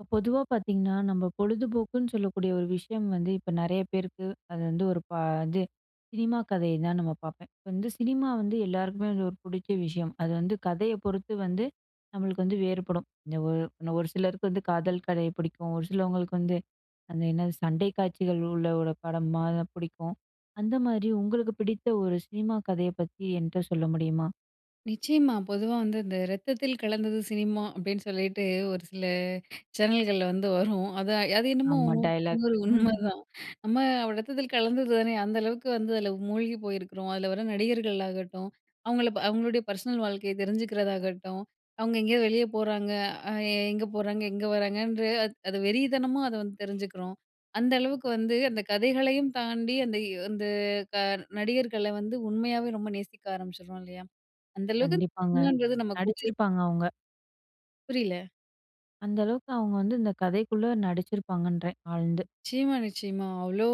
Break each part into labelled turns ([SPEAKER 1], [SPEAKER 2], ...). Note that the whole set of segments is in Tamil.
[SPEAKER 1] இப்ப பொதுவா பாத்தீங்கன்னா, நம்ப பொழுதுபோக்குன்னு சொல்லக்கூடிய ஒரு விஷயம் வந்து இப்ப நெறைய பேருக்கு, அது வந்து ஒரு ப இது, சினிமா கதய தான் நம்ம பாப்பேன். இப்போ வந்து சினிமா வந்து எல்லாருக்குமே வந்து ஒரு புடிச்க விஷயம். அது வந்து, கதய பொறுத்து வந்து, நம்மளுக்கு வந்து வேறுபடும். இந்த ஒ இன்னும் ஒரு சிலருக்கு வந்து, காதல் கதை புடிக்கும். ஒரு சிலவங்களுக்கு வந்து அந்த என்னது, சண்டை காட்சிகள் உள்ள ஒரு படமா தான் புடிக்கும். அந்த மாரி, உங்களுக்கு பிடித்த ஒரு சினிமா கதைய பத்தி என்ட்ட சொல்ல முடியுமா?
[SPEAKER 2] நிச்சயமா. பொதுவா வந்து இந்த "ரத்தத்தில் கலந்தது சினிமா" அப்டீன்னு சொல்லிட்டு ஒரு சில சேனல்கள்ல வந்து வரும். அத அது என்னமோ
[SPEAKER 1] ஆமா,
[SPEAKER 2] 100க்கு 100
[SPEAKER 1] டயலாக்கு.
[SPEAKER 2] உண்மதான். நம்ம அப்டி ரத்தத்தில் கலந்தது தானே! அந்த அளவுக்கு வந்து அதில மூழ்கி போயிருக்குறோம். அதுல வர நடிகர்களாகட்டும், அவுங்கள ப அவுங்களுடைய பர்ஸ்னல் வாழ்க்கைய தெரிஞ்சுக்கிறதாகட்டும், அவுங்க எங்கேயோ வெளிய போறாங்க. அ எ எங்க போறாங்க? எங்க வராங்கன்ற? அது வெறி தனமா அத வந்து தெரிஞ்சுக்குறோம். அந்தளவுக்கு வந்து அந்த கதைகளையும் தாண்டி, அந்த வ் அந்த க நடிகர்கள வந்து உண்மையாவே ரொம்ப நேசிக்க ஆரம்பிச்சிட்றோம் இல்லயா? அந்தளவுக்கு
[SPEAKER 1] கண்டிப்பாங்க.
[SPEAKER 2] சினிமான்றது நம்ம கூடயே
[SPEAKER 1] நடிச்சிருப்பாங்க அவுங்க.
[SPEAKER 2] புரியல.
[SPEAKER 1] அந்த அளவுக்கு அவுங்க வந்து, இந்த கதைக்குள்ள நடிச்சிருப்பாங்கன்றேன், ஆழ்ந்து.
[SPEAKER 2] நிச்சயமா நிச்சயமா. அவ்ளோ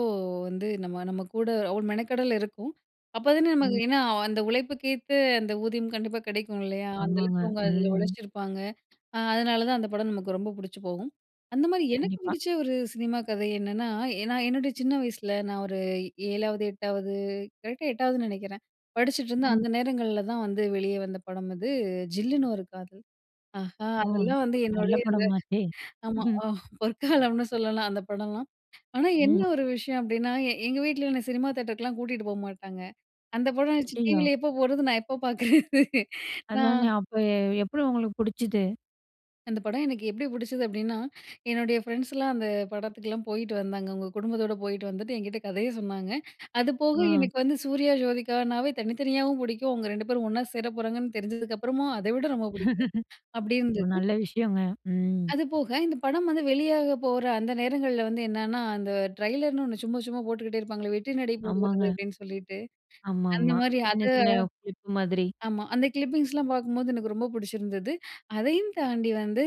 [SPEAKER 2] வந்து, நம்ம நம்ம கூட அவ்ளோ மெனக்கெடல் இருக்கும். அப்போதானே நமக்கு
[SPEAKER 1] ம்.
[SPEAKER 2] ஏன்னா அந்த உழைப்புக்கேத்த அந்த ஊதியம் கண்டிப்பா கிடைக்கும் இல்லயா?
[SPEAKER 1] ஆமாங்க.
[SPEAKER 2] அந்தளவுக்கு அவுங்க அதில
[SPEAKER 1] ம்.
[SPEAKER 2] உழைச்சிருப்பாங்க அ, அதனால தான் அந்த படம் நமக்கு ரொம்ப புடிச்சு போகும். அந்த மாரி எனக்கு
[SPEAKER 1] கண்டிப்பா.
[SPEAKER 2] பிடிச்ச ஒரு சினிமா கதை என்னன்னா, எ நான் என்னுடைய சின்ன வயசுல, நான் ஒரு 7வது 8வது கரெக்ட்‌டா 8வதுன் நெனைக்கிறேன். படிச்சுட்ருந்த
[SPEAKER 1] ம்.
[SPEAKER 2] அந்த நேரங்கள்ல தான் வந்து, வெளிய வந்த படம் அது. "ஜில்லுனு ஒரு காதல்" ஆஹா!
[SPEAKER 1] ம்,
[SPEAKER 2] அதெல்லாம் வந்து
[SPEAKER 1] நல்ல
[SPEAKER 2] என்னுடைய அந்த
[SPEAKER 1] படமாச்சே!
[SPEAKER 2] ஆமா. ஆ பொற்காலம்னு சொல்லலாம் அந்த படம்லாம். ஆனா, என்ன
[SPEAKER 1] ம்.
[SPEAKER 2] ஒரு விஷயம் அப்டீன்னா, எ எங்க வீட்ல என்ன சினிமா தியேட்டர்க்கெல்லாம் கூட்டிட்டு போமாட்டாங்க. அந்த படம் ஆச்சி,
[SPEAKER 1] ஐயய்யோ!
[SPEAKER 2] டிவில எப்போ போட்றது? நான் எப்போ பாக்குறது? நா
[SPEAKER 1] அதானே, அப்போ ஏ எப்புடி உங்களுக்கு புடிச்சிது?
[SPEAKER 2] அந்த படம் எனக்கு எப்டி புடிச்சது அப்டின்னா, என்னுடைய ஃப்ரெண்ட்ஸ்லாம் அந்த படத்துக்குலாம் போயிட்டு வந்தாங்க. அவங்க குடும்பத்தோட போயிட்டு வந்துட்டு என்கிட்டே கதைய சொன்னாங்க. அதுபோக
[SPEAKER 1] அ.
[SPEAKER 2] எனக்கு வந்து சூர்யா ஜோதிகானாவே தனித்தனியாவும் புடிக்கும் அவங்க 2 பேரும் ஒண்ணா சேர போறாங்கன்னு தெரிஞ்சதுக்கப்புறமும் அத விட ரொம்ப புடிக்கும் அப்டி
[SPEAKER 1] ஒ!
[SPEAKER 2] இருந்தது.
[SPEAKER 1] நல்ல விஷயங்க. ம்.
[SPEAKER 2] அது போக, இந்த படம் வந்து வெளியாக போற அந்த நேரங்கள்ல வந்து என்னென்னா, அந்த ட்ரெய்லர்னு ஒண்ணு சும்ம சும்மா போட்டுக்கிட்டே இருப்பாங்க, "வெற்றி நடை போடுகிறது"
[SPEAKER 1] ஆமாங்க.
[SPEAKER 2] அப்டின்னு சொல்லிட்டு. அந்த
[SPEAKER 1] ஆமாமா.
[SPEAKER 2] மாரி அத
[SPEAKER 1] சின்ன சின்ன குறிப்பு மாதிரி.
[SPEAKER 2] ஆமா. அந்த கிளிப்பிங்ஸ்லாம் பாக்கும்போது எனக்கு ரொம்ப புடிச்சிருந்தது. அதையும் தாண்டி வந்து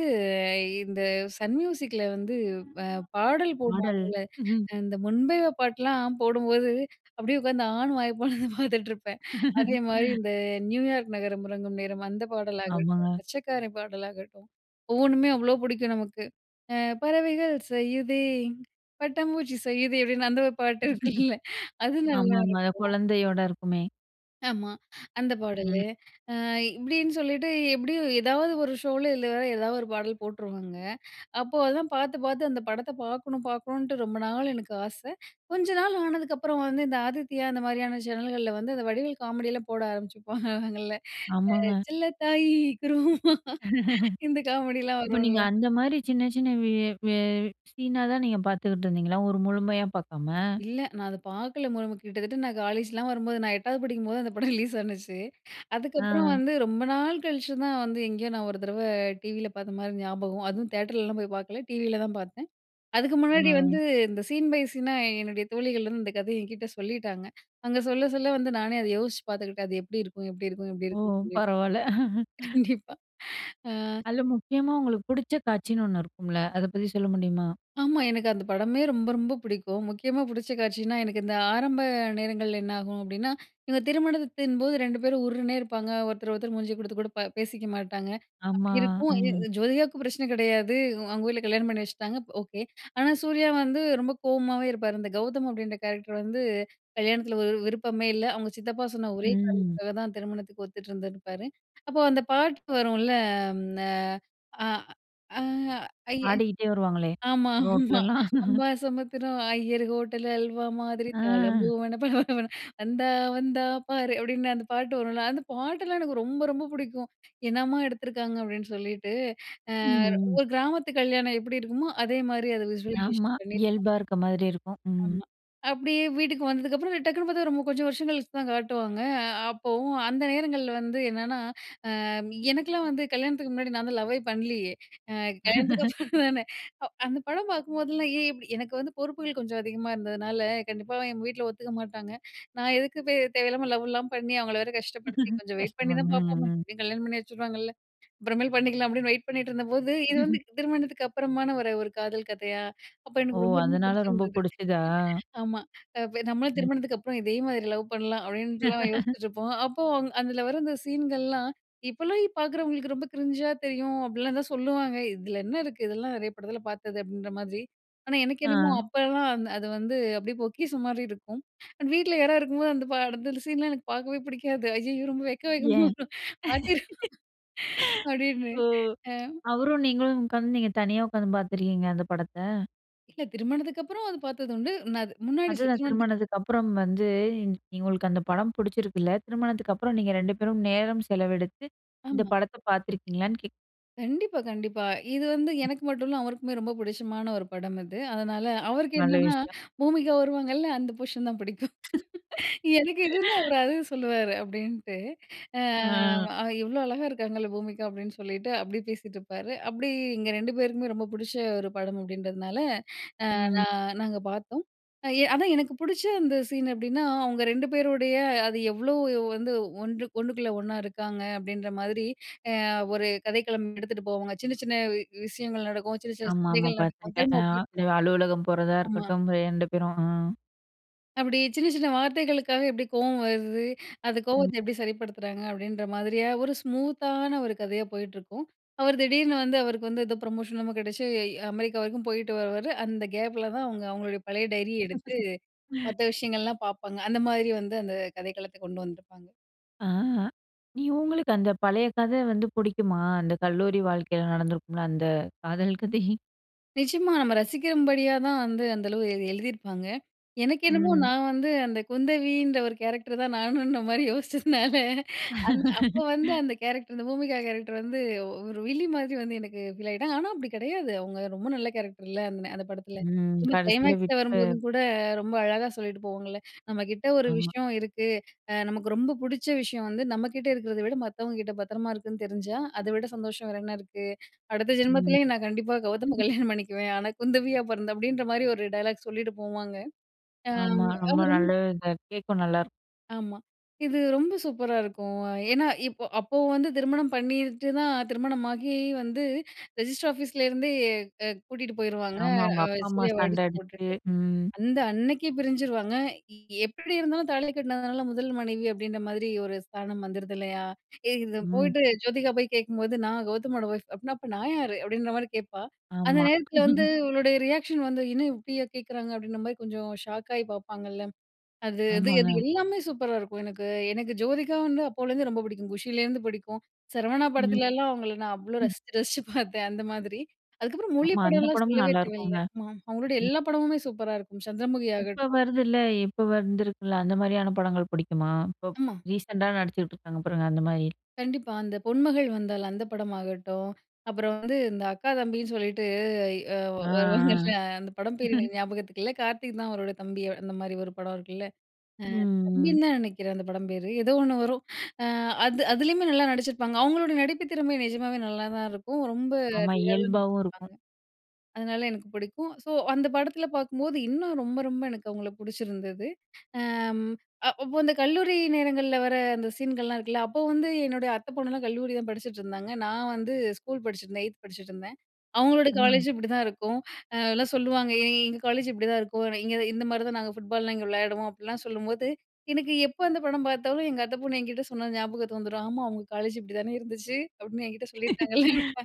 [SPEAKER 2] இந்த சன் மியூசிக்கில வந்து, அ பாடல்
[SPEAKER 1] பாடல்.
[SPEAKER 2] போடுவாங்கல, இந்த "முன்பேவா பாட்லாம்" போடும்போது அப்டியே உட்காந்து ஆன்னு வாய பொலந்து பாத்துட்டு இருப்பேன். அதேமாரி இந்த "நியூயார்க் நகரம் உறங்கும் நேரம்" அந்த பாடலாகட்டும்,
[SPEAKER 1] ஆமாங்க.
[SPEAKER 2] "மச்சக்காரன்" பாடலாகட்டும் ஒவ்வொண்ணுமே அவ்ளோ புடிக்கும் நமக்கு, பறவைகள் செய்யுதே பட்டாம்பூச்சி செய்யுதே அப்டின்னு அந்த ஒரு பாட்டு இருக்குல அது நல்லாருக்கும்.
[SPEAKER 1] ஆமாமா. அது கொழந்தையோட இருக்குமே.
[SPEAKER 2] ஆமா. அந்த பாடலு.
[SPEAKER 1] ம்.
[SPEAKER 2] அ இப்டின்னு சொல்லிட்டு எப்டியு ஏதாவது ஒரு ஷோல இல்ல வேற ஏதாவது ஒரு பாடல் போட்டுருவாங்க. அப்போ அதெல்லாம் பார்த்து பார்த்து அந்த படத்த பார்க்கணும் பார்க்கணுன்ட்டு ரொம்ப நாள் எனக்கு ஆச. கொஞ்ச நாள் ஆனதுக்கப்புறம் வந்து இந்த ஆதித்யா அந்த மாரியான சேனல்கள்ல வந்து, அந்த வடிவேல் காமெடிலாம் போட ஆரம்பிச்சுப்பாங்கல்ல,
[SPEAKER 1] ஆமாங்க.
[SPEAKER 2] செல்லத்தாயி! குருவம்மா! இந்த காமெடில்லாம்
[SPEAKER 1] அப்ப
[SPEAKER 2] வரும்ல.
[SPEAKER 1] நீங்க அந்த மாரி சின்ன சின்ன வி வி சீனாதான் நீங்க பார்த்துக்கிட்டு இருந்தீங்களா? ஒரு முழுமையா பார்க்காம!
[SPEAKER 2] இல்ல நான் அத பார்க்கல மு கிட்டத்தட்ட நான் காலேஜ்லாம் வரும்போது நான் 8வது படிக்கும்போது அந்த படம் ரிலீஸ் ஆனுச்சு. அதுக்கப்புறம்
[SPEAKER 1] ஆ.
[SPEAKER 2] வந்து ரொம்ப நாள் கழிச்சுதான் வந்து எங்கேயோ நான் ஒரு தடவ டிவில பார்த்த மாரி ஞாபகம். அதுவும் தியேட்டர்லலாம் போய் பார்க்கல டிவில தான் பார்த்தேன். அதுக்கு முன்னாடி வந்து
[SPEAKER 1] ஆ.
[SPEAKER 2] இந்த சீன் பை சீனா என்னுடைய தோழிகள் வந்து இந்த கதைய என்கிட்ட சொல்லிட்டாங்க. அவுங்க சொல்ல சொல்ல வந்து நானே அத யோசிச்சு பார்த்துக்கிட்டேன் அது எப்டி இருக்கும் எப்டி இருக்கும் எப்டி
[SPEAKER 1] ஓ!
[SPEAKER 2] இருக்குன்னு சொல்லி
[SPEAKER 1] பரவால்ல.
[SPEAKER 2] கண்டிப்பா ஆ.
[SPEAKER 1] அதுல முக்கியமா உங்களுக்கு புடிச்ச காட்சின்னு ஒண்ணு இருக்கும்ல அத பத்தி சொல்ல முடியுமா?
[SPEAKER 2] ஆமா. எனக்கு அந்த படமே ரொம்ப ரொம்ப பிடிக்கும். முக்கியமா புடிச்ச காட்சினா எனக்கு இந்த ஆரம்ப நேரங்கள்ல என்ன ஆகும் அப்டின்னா, இவுங்க திருமணத்தின்போது 2 பேரும் உர்ருனே இருப்பாங்க, ஒருத்தர் ஒருத்தர் மூஞ்சி கொடுத்து கூட ப பேசிக்க மாட்டாங்க. அப்டி
[SPEAKER 1] ஆமா.
[SPEAKER 2] இருக்கும்
[SPEAKER 1] ம்.
[SPEAKER 2] ஜோதிகாவுக்கு பிரச்சனை கெடையாது. அவங்க ஊர்ல கல்யாணம் பண்ணி வச்சுட்டாங்க ஓகே. ஆனா சூர்யா வந்து ரொம்ப கோவமாவே இருப்பாரு. இந்த "கௌதம்" அப்படின்ற கேரக்டர் வந்து கல்யாணத்துல ஒரு விருப்பமே இல்ல அவுங்க சித்தப்பா சொன்ன ஒரே
[SPEAKER 1] ம்.
[SPEAKER 2] காரணத்துக்காக தான் திருமணத்துக்கு ஒத்துட்டு இருந்துருப்பாரு. அப்போ அந்த பாட்டு வரும்ல, அம். த அ அ அய்யய்
[SPEAKER 1] ஆடிகிட்டே வருவாங்களே!
[SPEAKER 2] ஆமா, ஆமா.
[SPEAKER 1] ரோட்லலாம்.
[SPEAKER 2] "அம்பாசமுத்திரம் ஐயர் ஹோட்டலு அல்வா மாதிரி தாளம்
[SPEAKER 1] அ.
[SPEAKER 2] பூவென பள பள வென வந்தா வந்தா பாரு" அப்டின்னு அந்த பாட்டு வரும்ல, அந்த பாட்டெல்லாம் எனக்கு ரொம்ப ரொம்ப புடிக்கும். என்னம்மா எடுத்துருக்காங்க அப்டின்னு சொல்லிட்டு. அ
[SPEAKER 1] ம்.
[SPEAKER 2] ஒரு கிராமத்து கல்யாணம் எப்டி இருக்குமோ அதே மாரி அத
[SPEAKER 1] ஆமா.
[SPEAKER 2] விஸ்வலைசேஷன் பண்ணியிருப்பாங்க.
[SPEAKER 1] இயல்பா இருக்க மாதிரி இருக்கும். ம்.
[SPEAKER 2] ஆமா. அப்டியே வீட்டுக்கு வந்ததுக்கப்புறம் டக்குனு பார்த்தா, ரொம்ப கொஞ்சம் வருஷம் கழிச்சு தான் காட்டுவாங்க. அ அப்போவும் அந்த நேரங்கள்ல வந்து என்னென்னா, அ எனக்லாம் வந்து கல்யாணத்துக்கு முன்னாடி நான் தான் லவ்வே பண்ணலியே. அ கல்யாணத்துக்கு அப்புறம் தானே. அந்த படம் பார்க்குபோதெல்லாம், ஏன் இப்டி எனக்கு வந்து பொறுப்புகள் கொஞ்சம் அதிகமா இருந்ததுனால கண்டிப்பா எங்க வீட்ல ஒத்துக்க மாட்டாங்க. நான் எதுக்கு தேவையில்லாம லவ்லாம் பண்ணி அவங்கள வேறு கஷ்டப்படுத்தி, கொஞ்சம் வெயிட் பண்ணி
[SPEAKER 1] கஷ்டம
[SPEAKER 2] தான்
[SPEAKER 1] ம்
[SPEAKER 2] பார்ப்போமே,
[SPEAKER 1] ம்.
[SPEAKER 2] எப்டியும் கல்யாணம் பண்ணி வச்சுருவாங்கல்ல, அப்றமேல் பண்ணிக்கலாம் அப்டின்னு வெயிட் பண்ணிட்டுருந்தபோது, இது வந்து திருமணத்துக்கு அப்பறமா ஒரு ஒரு காதல் கதையா? அப்போ
[SPEAKER 1] ஓ!
[SPEAKER 2] எனக்கு ரொம்ப ரொம்ப
[SPEAKER 1] அதனால ரொம்ப
[SPEAKER 2] புடிச்சிருந்தது.
[SPEAKER 1] புடிச்சுதா?
[SPEAKER 2] ஆமா நம்மளும்
[SPEAKER 1] ம்.
[SPEAKER 2] திருமணத்துக்கு அப்புறம் இதே மாதிரி லவ் பண்ணலாம் அப்டிட்லாம் யோசிச்சிட்டுருப்போம். அப்போ அந்த அதுல வர்ற அந்த சீன்கள்லாம் இப்போலாம் பார்க்குறவங்களுக்கு ரொம்ப கிரிஞ்சா தெரியும், அப்டிலாம் தான் சொல்லுவாங்க. இதுல என்ன இருக்கு இதெல்லாம் நெறைய படத்துல பார்த்தது அப்படின்ற மாதிரி. ஆனா எனக்கு என்னமோ
[SPEAKER 1] ஆ.
[SPEAKER 2] அப்பலாம் அந் அது வந்து அப்டியே பொக்கிசம் மாரி இருக்கும். அண்ட் வீட்ல யாரா இருக்கும்போது, அந்த படத்துல சீன்லாம் எனக்கு பார்க்கவே புடிக்காது அய்யய்யோ ரொம்ப வெக்க வெக்கமா
[SPEAKER 1] ஏன்?
[SPEAKER 2] வரும் மாத்திரு அப்டின்னு.
[SPEAKER 1] ஓ!
[SPEAKER 2] அ.
[SPEAKER 1] அவரும் நீங்களும் உக்காந்து நீங்க தனியா உட்காந்து பார்த்துருக்கீங்க அந்த படத்த.
[SPEAKER 2] இல்ல திருமணத்துக்கு அப்புறம் அது பார்த்தது உண்டு. நான் அது முன்னாடி [unintelligible]
[SPEAKER 1] அதுதான்
[SPEAKER 2] திருமணத்துக்கு.
[SPEAKER 1] திருமணத்துக்கு அப்புறம் வந்து உங்களுக்கு அந்த படம் பிடிச்சிருக்குல்ல. திருமணத்துக்கு அப்புறம் நீங்க 2 பேரும் நேரம் செலவெடுத்து இந்த
[SPEAKER 2] ஆமா.
[SPEAKER 1] படத்த பார்த்துருக்கீங்களான்னு கேக்
[SPEAKER 2] கண்டிப்பா, கண்டிப்பா. இது வந்து எனக்கு மட்டும் இல்ல, அவருக்குமே ரொம்ப பிடிச்சமான ஒரு படம் அது. அதனால, அவருக்கு
[SPEAKER 1] நல்ல
[SPEAKER 2] என்னன்னா,
[SPEAKER 1] விஷயம்.
[SPEAKER 2] பூமிகா வருவாங்கல அந்த போர்ஷன் தான் பிடிக்கும். எனக்கு எதுனா ஒரு அது சொல்லுவாரு அப்பிடின்ட்டு, அ
[SPEAKER 1] ஆ.
[SPEAKER 2] "இவ்ளோ அழகா இருக்காங்கல்ல பூமிகா!" அப்பிடின்னு சொல்லிட்டு, அப்டி பேசிட்டு இருப்பாரு. அப்பிடி எங்க 2 பேருக்குமே ரொம்ப பிடிச்ச ஒரு படம் அப்பிடின்றதுனால, அ
[SPEAKER 1] ம்.
[SPEAKER 2] நான் நாங்க பார்த்தோம். எ அதான் எனக்கு பிடிச்ச அந்த சீனு அப்பிடின்னா, அவுங்க ரெண்டு பேருடைய அது எவ்ளோ வந்து ஒன்று, ஒன்னுக்குள்ள ஒன்னா இருக்காங்க, அப்பிடின்ற மாதிரி அ ஒரு கதைக்களம் எடுத்துட்டு போவாங்க. சின்ன, சின்ன விஷயங்கள் நடக்கும். சின்ன, சின்ன
[SPEAKER 1] ஆமாமா.
[SPEAKER 2] சண்டைகள் நடக்கும்.
[SPEAKER 1] பார்த்துருக்கேன்,
[SPEAKER 2] திரும்ப அப்பிடியே
[SPEAKER 1] ஆ அலுவலகம் போறதா
[SPEAKER 2] ஆமா.
[SPEAKER 1] இருக்கட்டும், 2 பேரும். அ
[SPEAKER 2] அப்பிடி சின்ன, சின்ன வார்த்தைகளுக்காகவே எப்பிடி கோவம் வருது, அந்த
[SPEAKER 1] ம்.
[SPEAKER 2] கோவத்த எப்பிடி சரிப்படுத்துறாங்க, அப்பிடின்ற மாதிரிய ஒரு ஸ்மூத் தான ஒரு கதையா போயிட்டுருக்கும். அவர் திடீர்னு வந்து அவருக்கு வந்து ஏதோ ப்ரமோஷன் லாம் கிடைச்சு, அமெரிக்கா வரைக்கும் போயிட்டு வருவாரு. அந்த கேப்ல தான் அவுங்க அவுங்களுடைய பழைய டைரி எடுத்து, மத்த விஷயங்கள்லாம் பார்ப்பாங்க. அந்த மாதிரி வந்து அந்த கதைக்களத்த கொண்டு வந்துருப்பாங்க.
[SPEAKER 1] ஆ, நீ உங்களுக்கு அந்த பழைய கத வந்து பிடிக்குமா? அந்த கல்லூரி வாழ்க்கையில நடந்திருக்கும்ல அந்த காதல் கதை.
[SPEAKER 2] நிஜமா! நம்ம ரசிக்கும் படியா தான் வந்து அந்த அளவு எழுதி எழுதியிருப்பாங்க. எனக்கு என்னமோ
[SPEAKER 1] ம்.
[SPEAKER 2] நான் வந்து அந்த குந்தவின்ற ஒரு கேரக்டர் தான் நானுன்ற மாதிரி யோசிச்சதுனால அந்த அப்ப வந்து அந்த கேரக்டர், அந்த பூமிகா கேரக்டர் வந்து ஒரு வில்லி மாதிரி வந்து எனக்கு ஃபீல் ஆகிட்டாங்க. ஆனா அப்படி கிடையாது. அவங்க ரொம்ப நல்ல கேரக்டர் இல்ல. அந்த ந அந்த படத்தில.
[SPEAKER 1] ம் கடைசியில
[SPEAKER 2] கிளைமேக்இஸ்ல
[SPEAKER 1] விட்டு.
[SPEAKER 2] வரும்போதும் கூட ரொம்ப அழகா சொல்லிட்டு போவாங்கல்ல, "நம்மகிட்ட ஒரு
[SPEAKER 1] ஆமா.
[SPEAKER 2] விஷயம் இருக்கு, அ நமக்கு ரொம்ப பிடிச்ச விஷயம் வந்து நம்ம கிட்ட இருக்கிறத விட, மத்தவங்க கிட்ட பத்திரமா இருக்குன்னு தெரிஞ்சா, அத விட சந்தோஷம் வேற என்ன இருக்கு! அடுத்த
[SPEAKER 1] ம்.
[SPEAKER 2] ஜென்மத்திலேயும் நான் கண்டிப்பா கௌதம கல்யாணம் பண்ணிக்குவேன். ஆனா குந்தவியா பிறந்து" அப்படின்ற மாதிரி ஒரு டயலாக் சொல்லிட்டு போவாங்க. அ
[SPEAKER 1] ஆமா ரொம்ப
[SPEAKER 2] அவரும்
[SPEAKER 1] நல்ல இது கேட்க நல்லாருக்கும்.
[SPEAKER 2] ஆமா! இது ரொம்ப சூப்பரா இருக்கும். ஏன்னா இப்போ அப்போ வந்து திருமணம் பண்ணிட்டு தான் திருமணமாகி வந்து ரெஜிஸ்டர் ஆஃபீஸ்லிருந்தே அ கூட்டிகிட்டு போயிருவாங்க.
[SPEAKER 1] ஆமா, அவங்க
[SPEAKER 2] அ
[SPEAKER 1] அப்பா அம்மா
[SPEAKER 2] சூர்யாவை
[SPEAKER 1] சண்டை
[SPEAKER 2] அடிச்சு
[SPEAKER 1] அடிச்சு
[SPEAKER 2] போட்டுட்டு.
[SPEAKER 1] ம்.
[SPEAKER 2] அந்த அன்னைக்கு பிரிஞ்சிருவாங்க. எப்படி இருந்தாலும் தாலி கட்டினதுனால முதல் மனைவி அப்படின்ற மாதிரி ஒரு ஸ்தானம் வந்துடுது இல்லையா. ஏ இது
[SPEAKER 1] ம்.
[SPEAKER 2] போயிட்டு ஜோதிகா போய் கேட்கும் போது, "நான் கெளதமோட ஒய்ப். அப்டினா அப்ப நான் யாரு?" அப்படின்ற மாதிரி கேட்பா. அந்த
[SPEAKER 1] ஆமா.
[SPEAKER 2] நேரத்தில வந்து அவளுடைய ரியாக்ஷன் வந்து என்ன இப்படியே கேட்குறாங்க அப்படின்ற மாதிரி கொஞ்சம் ஷாக்காயி பாப்பாங்கள்ல, அது அது அது
[SPEAKER 1] ஆமாங்க.
[SPEAKER 2] எல்லாமே சூப்பரா இருக்கும். எனக்கு, எனக்கு ஜோதிகா வந்து அப்போலேருந்து ரொம்ப பிடிக்கும். குஷிலேருந்து பிடிக்கும். சரவணா
[SPEAKER 1] ம்.
[SPEAKER 2] படத்துலலாம் அவங்களை நான் அவ்வளோ
[SPEAKER 1] ம்.
[SPEAKER 2] ரசிச்சு ரசிச்சு பார்த்தேன் அந்த மாதிரி. அதுக்கப்புறம் மொழி
[SPEAKER 1] ஆமா அந்த
[SPEAKER 2] படலாம்
[SPEAKER 1] படமும்
[SPEAKER 2] சொல்லவே
[SPEAKER 1] நல்லா
[SPEAKER 2] தேவையில்ல.
[SPEAKER 1] இருக்கும்ங்க.ம்.
[SPEAKER 2] ம் அவங்களுடைய எல்லா படமுமே சூப்பரா இருக்கும். சந்திரமுகி
[SPEAKER 1] இப்போ
[SPEAKER 2] ஆகட்டும்.
[SPEAKER 1] வருதுல்ல இப்போ வந்திருக்குள்ல அந்த மாதிரியான படங்கள் பிடிக்குமா? இப்போ
[SPEAKER 2] ஆமா.
[SPEAKER 1] ரீசெண்டா நடிச்சுகிட்டுருக்காங்க பாருங்க அந்த மாதிரி?
[SPEAKER 2] கண்டிப்பா, அந்த பொன்மகள் வந்தால் அந்த படமாகட்டும். அப்புறம் வந்து இந்த அக்கா தம்பின்னு சொல்லிட்டு, இ அ
[SPEAKER 1] ஆ,
[SPEAKER 2] வருவாங்கல்ல அந்த படம்
[SPEAKER 1] ஆ.
[SPEAKER 2] பேர் எனக்கு ஞாபகத்துக்குகில்ல. கார்த்திக் தான் அவரோட தம்பி. அந்த மாதிரி ஒரு படம் இருக்குல. அ
[SPEAKER 1] ம்.
[SPEAKER 2] தம்பின்னு தான் நினைக்கிறேன் அந்த படம் பேர், ஏதோ ஒண்ணு வரும். ஆ அது அதிலேயுமே நல்லா நடிச்சிருப்பாங்க. அவங்களோட நடிப்பு திறமை நிஜமாவே நல்லாதான் இருக்கும். ரொம்ப
[SPEAKER 1] ஆமா
[SPEAKER 2] ரியலா
[SPEAKER 1] இயல்பாவும் இருக்கும்.
[SPEAKER 2] நடிச்சிருப்பாங்க. அதனால எனக்கு பிடிக்கும். ஸோ அந்த படத்தில பார்க்கும்போது, இன்னும் ரொம்ப ரொம்ப எனக்கு அவங்கள பிடிச்சிருந்தது. ம் அப்போ அந்த கல்லூரி நேரங்களில் வர அந்த சீன்கள்லாம் இருக்குல்ல, அப்போ வந்து என்னுடைய அத்தை பொண்ணுலாம் கல்லூரி தான் படிச்சுட்ருந்தாங்க. நான் வந்து ஸ்கூல் படிச்சுட்ருந்தேன். 8 படிச்சுட்ருந்தேன். அவங்களோட
[SPEAKER 1] ம்.
[SPEAKER 2] காலேஜ் இப்படிதான் இருக்கும். எல்லாம் சொல்லுவாங்க எங்க காலேஜ் இப்படிதான் இருக்கும். இங்கே இந் இந்த மாதிரி தான் நாங்க ஃபுட்பாலலாம் இங்கே விளையாடுவோம். அப்படிலாம் சொல்லும்போது எனக்கு எப்போ அந்த படம் பார்த்தாலும் எங்க அத்தை பொண்ணு என்கிட்டே சொன்னது ஞாபகத்துக்கு வந்துரும். ஆமா! அவங்க காலேஜ் இப்படி தானே இருந்துச்சு அப்படின்னு என்கிட்டே சொல்லியிருக்காங்கள்ல.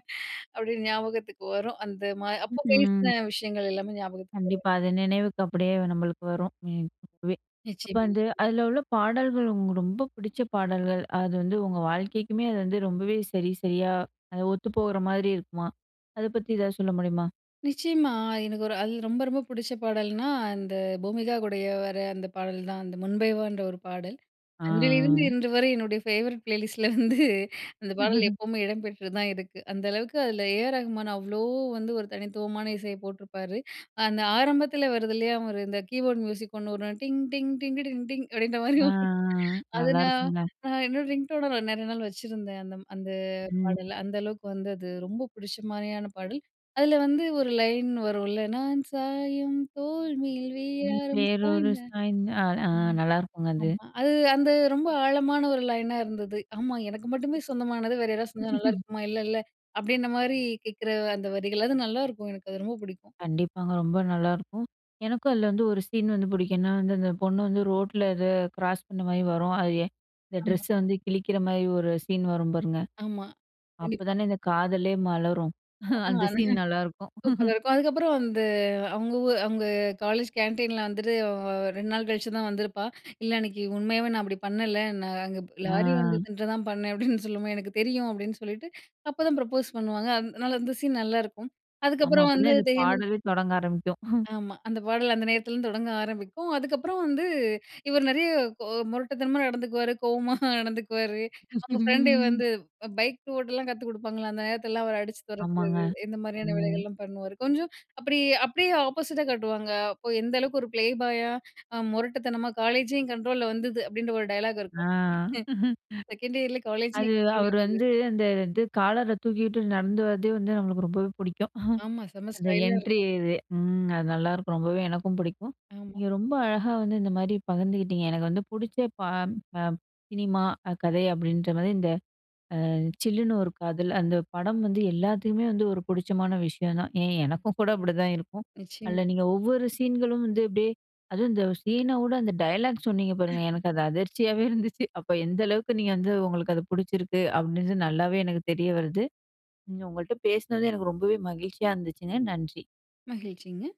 [SPEAKER 2] அப்படியே ஞாபகத்துக்கு வரும். அந்த மாதிரி
[SPEAKER 1] ம்,
[SPEAKER 2] அப்போ
[SPEAKER 1] ம்.
[SPEAKER 2] பேசின விஷயங்கள் எல்லாமே ஞாபகத்துக்கு வரும்.
[SPEAKER 1] கண்டிப்பா, அது நினைவுக்கு அப்படியே நம்மளுக்கு வரும். ம் இப்பவே இப்போ
[SPEAKER 2] நிச்சயமா.
[SPEAKER 1] வந்து அதுல உள்ள பாடல்கள், உங்களுக்கு ரொம்ப பிடிச்ச பாடல்கள் அது வந்து உங்க வாழ்க்கைக்குமே அது வந்து ரொம்பவே சரி சரியா அது ஒத்து போகுற மாதிரி இருக்குமா? அதை பத்தி ஏதாவது சொல்ல முடியுமா?
[SPEAKER 2] நிச்சயமா, எனக்கு ஒரு அதில ரொம்ப ரொம்ப பிடிச்ச பாடல்னா, அந்த பூமிகா கூடயே வர அந்த பாடல் தான். அந்த முன்பே வான்ற ஒரு பாடல். அன்றிலிருந்து
[SPEAKER 1] ஆ
[SPEAKER 2] இன்றுவரை என்னுடைய ஃபேவரட் ப்ளேலிஸ்ட்ல வந்து அந்த பாடல் எப்பவுமே இடம்பெற்று தான் இருக்கு. அந்த அளவுக்கு அதில ஏ. ஆர். ரகுமான் அவ்ளோ வந்து ஒரு தனித்துவமான இசைய போட்டுருப்பாரு. அந்த ஆரம்பத்தில வருது இல்லையா, ஒரு இந்த கீபோர்ட் மியூசிக் 1 வரும். "டிங் டிங் டிங்கிட்டிட்ட டிங் டிங்" அப்படின்ற மாரி.
[SPEAKER 1] ஆ, ஆ, ஆ.
[SPEAKER 2] அத நான்
[SPEAKER 1] நல்லாயிருக்குங்க.
[SPEAKER 2] நான் என்னோட ரிங்டோன நான் நெறைய நாள் வச்சிருந்தேன், அந்தம் அந்த
[SPEAKER 1] ம்.
[SPEAKER 2] பாடல. அந்த அளவுக்கு வந்து அது ரொம்ப பிடிச்ச மாரியான பாடல். அதுல வந்து ஒரு லைன் வரும்ல, "நான் சாயும் தோல்மேல்
[SPEAKER 1] ம்.
[SPEAKER 2] வேறாரும்
[SPEAKER 1] வேறொரு
[SPEAKER 2] சாய்ந்தால்"
[SPEAKER 1] சாய்ந்தா ஆ ஆ
[SPEAKER 2] ம்
[SPEAKER 1] நல்லாருக்குங்க அது.
[SPEAKER 2] ஆமா. அது அந்த ரொம்ப ஆழமான ஒரு லைனா இருந்துது. ஆமா. "எனக்கு மட்டுமே சொந்தமானது, வேற யாராவது சாஞ்சா நல்லாருக்குமா, இல்லல?" அப்படின்ற மாதிரி கேக்கிற அந்த வரிகள். அது நல்லாருக்கும். எனக்கு அது ரொம்ப பிடிக்கும்.
[SPEAKER 1] கண்டிப்பாங்க. ரொம்ப நல்லாருக்கும். எனக்கும் அதில வந்து ஒரு சீன் வந்து புடிக்கும். ஏன்னா வந்து, அந்த பொண்ணு வந்து ரோட்டில அதை கிராஸ் பண்ண மாரி வரும். அது இந்த
[SPEAKER 2] ஆமா.
[SPEAKER 1] ட்ரெஸ்ஸ வந்து கிழிக்கிற மாரி ஒரு சீன் வரும் பாருங்க.
[SPEAKER 2] ஆமா.
[SPEAKER 1] அப்ப
[SPEAKER 2] கண்டிப்பா.
[SPEAKER 1] தானே இந்த காதலே மலரும். அந்த சீன்
[SPEAKER 2] [unintelligible]
[SPEAKER 1] நல்லாருக்கும்.
[SPEAKER 2] சூப்பரா இருக்கும். அதுக்கப்புறம் வந்து அவுங்க ஊர் அவங்க காலேஜ் கேன்டீன்ல வந்துட்டு அ வ வ 2 நாள் கழிச்சு தான் வந்திருப்பா "இல்ல அன்னிக்கு, உண்மையாவே நான் அப்படி பண்ணல ந நான் அங்க ப் லாரி
[SPEAKER 1] ஆ.
[SPEAKER 2] வந்துதுன்னு தான் பண்ணேன்." அப்படீன்னு சொல்லும்போது, "எனக்கு தெரியும்." அப்படீன்னு சொல்லிட்டு, அப்போதான் ப்ரப்போஸ் பண்ணுவாங்க. அதனால அந்த சீன் நல்லாருக்கும்.
[SPEAKER 1] ஆமா.
[SPEAKER 2] அதுக்கப்புறம்
[SPEAKER 1] அப்ப
[SPEAKER 2] வந்து
[SPEAKER 1] தான், இந்த
[SPEAKER 2] தெரியாமலே
[SPEAKER 1] பாடவே தொடங்க ஆரம்பிக்கும்.
[SPEAKER 2] ஆமா, அந்த பாடல் அந்த நேரத்துலிருந்து தொடங்க ஆரம்பிக்கும். அதுக்கப்புறம் வந்து இவர் நெறைய கொ முரட்டுத்தனமா நடந்துக்குவாரு, கோவமா நடந்துக்குவாரு. அவுங்க ஃப்ரெண்டு வந்து பைக் ஓட்டெல்லாம் கத்து குடுப்பாங்கல்ல, அந்த நேரத்திலெல்லாம் அவர் அடிச்சு
[SPEAKER 1] ஆமாங்க.
[SPEAKER 2] தொரத்துறது, இந்த மாரியான
[SPEAKER 1] ம்.
[SPEAKER 2] வேலைகள்லாம் பண்ணுவாரு. கொஞ்சம் அப்படி, அப்படியே ஆப்போசிட்டா காட்டுவாங்க. அப்போ எந்த அளவுக்கு ஒரு ப்ளேபாயா, அ முரட்டுத்தனமா, "காலேஜே என் கண்ட்ரோல்ல வந்துது" அப்படின்ற ஒரு டயலாக்
[SPEAKER 1] ஆ.
[SPEAKER 2] இருக்கும் "செகண்ட் இயர்ல காலேஜே என்
[SPEAKER 1] அது
[SPEAKER 2] கண்ட்ரோல்ல
[SPEAKER 1] அவரு
[SPEAKER 2] வந்துது"
[SPEAKER 1] வந்து, அந்த இது, காலர தூக்கிட்டு நடந்து வரதே வந்து, நம்மளுக்கு ரொம்பவே புடிக்கும்.
[SPEAKER 2] ஆமா. செம்ம
[SPEAKER 1] அந்த
[SPEAKER 2] ஸ்டைலா
[SPEAKER 1] என்ட்ரி
[SPEAKER 2] இருக்கும்.
[SPEAKER 1] இதே. ம். அது நல்லாருக்கும். ரொம்பவே எனக்கும் புடிக்கும்.
[SPEAKER 2] ஆமா.
[SPEAKER 1] நீங்க ரொம்ப அழகா வந்து, இந்த மாரி பகிர்ந்துகிட்டீங்க. எனக்கு வந்து புடிச்ச பா அ சினிமா, அ கதை, அப்படின்ற மாரி இந்த அ "சில்லுனு ஒரு காதல்" அந்த படம் வந்து எல்லாத்துக்குமே வந்து, ஒரு புடிச்சமான விஷயம் தான். ஏன்? எனக்கும் கூட அப்படிதான் இருக்கும். அதுல
[SPEAKER 2] நிச்சயமா.
[SPEAKER 1] நீங்க ஒவ்வொரு சீன்களும் வந்து அப்டியே அதுவும் இந்த சீன வுட அந்த டயலாக் சொன்னீங்க பாருங்க! எனக்கு அது அதிர்ச்சியவே இருந்துச்சு. அப்போ எந்த அளவுக்கு நீங்க வந்து உங்களுக்கு அது புடிச்சிருக்கு? அப்படின்றது நல்லாவே எனக்கு தெரிய வருது. நீங்க உங்கள்ட்ட பேசினது, எனக்கு ரொம்பவே மகிழ்ச்சியா இருந்துச்சுங்க, நன்றி!
[SPEAKER 2] மகிழ்ச்சிங்க.